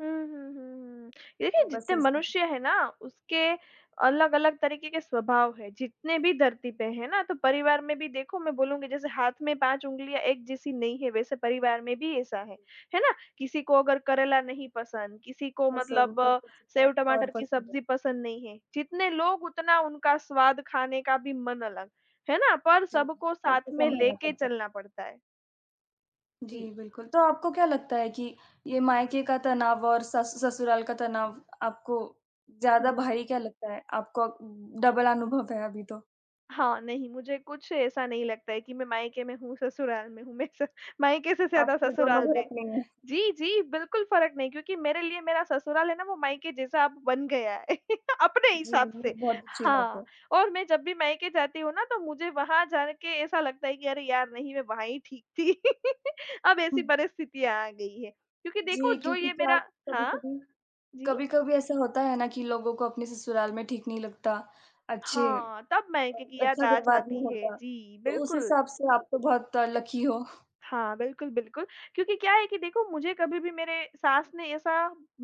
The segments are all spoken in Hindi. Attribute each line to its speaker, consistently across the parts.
Speaker 1: हुँ, हुँ, हुँ, हुँ। यदि,
Speaker 2: तो बस
Speaker 1: जितने
Speaker 2: ऐसे।
Speaker 1: मनुष्य हैं ना, उसके अलग-अलग तरीके के स्वभाव है, जितने भी धरती पे हैं ना। तो परिवार में भी देखो मैं बोलूँगी, जैसे हाथ में 5 उँगलियाँ एक जैसी नहीं है, वैसे परिवार में भी ऐसा है, है ना। किसी को अगर करेला नहीं पसंद, किसी को
Speaker 2: पसंद,
Speaker 1: मतलब
Speaker 2: तो
Speaker 1: अ,
Speaker 2: किसी को और
Speaker 1: सेव-टमाटर की
Speaker 2: पसंद है।
Speaker 1: सब्ज़ी पसंद नहीं है। जितने लोग, उतना उनका स्वाद, खाने का भी मन अलग, है ना, पर
Speaker 2: जी,
Speaker 1: सबको साथ
Speaker 2: सबको
Speaker 1: में
Speaker 2: संभालना
Speaker 1: लेके
Speaker 2: पड़ता है।
Speaker 1: चलना पड़ता है। जी।
Speaker 2: जी, बिल्कुल। तो आपको क्या लगता है कि ये मायके का तनाव और सस ससुराल का तनाव, आपको ज़्यादा
Speaker 1: हुँ।
Speaker 2: भारी क्या लगता है? आपको उ डबल अनुभव है अभी तो।
Speaker 1: हाँ, नहीं, मुझे कुछ ऐसा नहीं लगता है कि मैं मायके में हूँ, ससुराल में हूँ। मैं स मायके से ज़्यादा
Speaker 2: आपके दोनों
Speaker 1: ससुराल
Speaker 2: घर
Speaker 1: में
Speaker 2: अपने हैं।
Speaker 1: जी, जी बिल्कुल फ़र्क नहीं क्योंकि मेरे लिए मेरा ससुराल है ना, वो मायके जैसा अब बन गया है अपने
Speaker 2: जी,
Speaker 1: हिसाब
Speaker 2: ये
Speaker 1: से।
Speaker 2: बहुत अच्छी बात
Speaker 1: हाँ,
Speaker 2: है।
Speaker 1: और मैं जब भी मायके जाती हूँ ना, तो मुझे वहाँ जा के ऐसा लगता है कि अरे यार! नहीं, मैं वहीं ही ठीक थी। अब ऐसी
Speaker 2: हुँ।
Speaker 1: परिस्थितियाँ आ गई हैं। क्योंकि देखो
Speaker 2: जी,
Speaker 1: जो
Speaker 2: क्योंकि
Speaker 1: ये
Speaker 2: क्या
Speaker 1: मेरा
Speaker 2: होता है
Speaker 1: हाँ,
Speaker 2: कभी-कभी
Speaker 1: जी।
Speaker 2: कभी-कभी ऐसा होता है ना कि लोगों को अपने ससुराल में ठीक नहीं लगता, अच्छे
Speaker 1: हाँ, तब
Speaker 2: अ,
Speaker 1: मायके की याद
Speaker 2: अच्छा
Speaker 1: आ
Speaker 2: व्यवहार नहीं
Speaker 1: जाती है।
Speaker 2: होता।
Speaker 1: जी,
Speaker 2: तो उस
Speaker 1: बिल्कुल।
Speaker 2: हिसाब से आप तो बहुत अ, लकी हो।
Speaker 1: हाँ, बिल्कुल, बिल्कुल। क्योंकि क्या है कि देखो, मुझे कभी भी मेरे सास ने ऐसा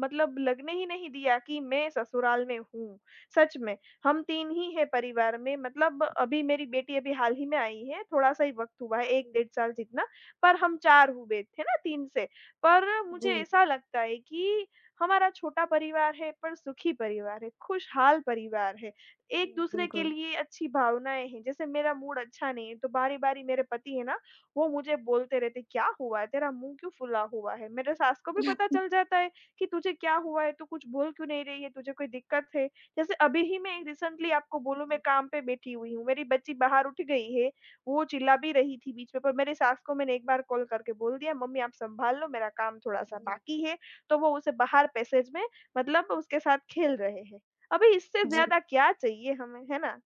Speaker 1: मतलब लगने ही नहीं दिया कि मैं ससुराल में हूँ। सच में, हम 3 ही हैं परिवार में, मतलब अभी मेरी बेटी अभी हाल ही में आई है, थोड़ा-सा ही वक़्त हुआ है 1
Speaker 2: जी।
Speaker 1: डेढ़ साल जितना, पर हम 4 हुए, है ना, 3 से। पर मुझे
Speaker 2: जी।
Speaker 1: ऐसा लगता है कि हमारा छोटा परिवार है पर सुखी परिवार है, खुशहाल परिवार है,
Speaker 2: जी,
Speaker 1: एक-दूसरे के
Speaker 2: बिल्कुल।
Speaker 1: लिए अच्छी भावनाएँ हैं। जैसे मेरा मूड अच्छा नहीं है, तो बारी-बारी मेरे पति हैं ना, वो मुझे बोलते रहते हैं, "क्या हुआ है, तेरा मुँह क्यों फुला हुआ है?" मेरे सास को भी पता चल जाता है कि तुझे क्या हुआ है, तू कुछ बोल क्यों नहीं रही है, तुझे कोई दिक्कत है? जैसे अभी ही मैं रीसेंटली आपको बोलूँ, मैं
Speaker 2: जी।
Speaker 1: काम पे बैठी हुई हूँ, मेरी बच्ची बाहर उठ गई है। वो चिल्ला भी रही थी बीच में, पर मेरे सास को मैंने 1 बार कॉल करके बोल दिया, "मम्मी, आप संभाल लो, मेरा काम थोड़ा-सा
Speaker 2: जी।
Speaker 1: बाकी है।" तो वो उसे बाहर पैसेज में मतलब उसके साथ खेल रहे हैं। अभी इससे
Speaker 2: जी।
Speaker 1: ज़्यादा क्या चाहिए हमें, है ना।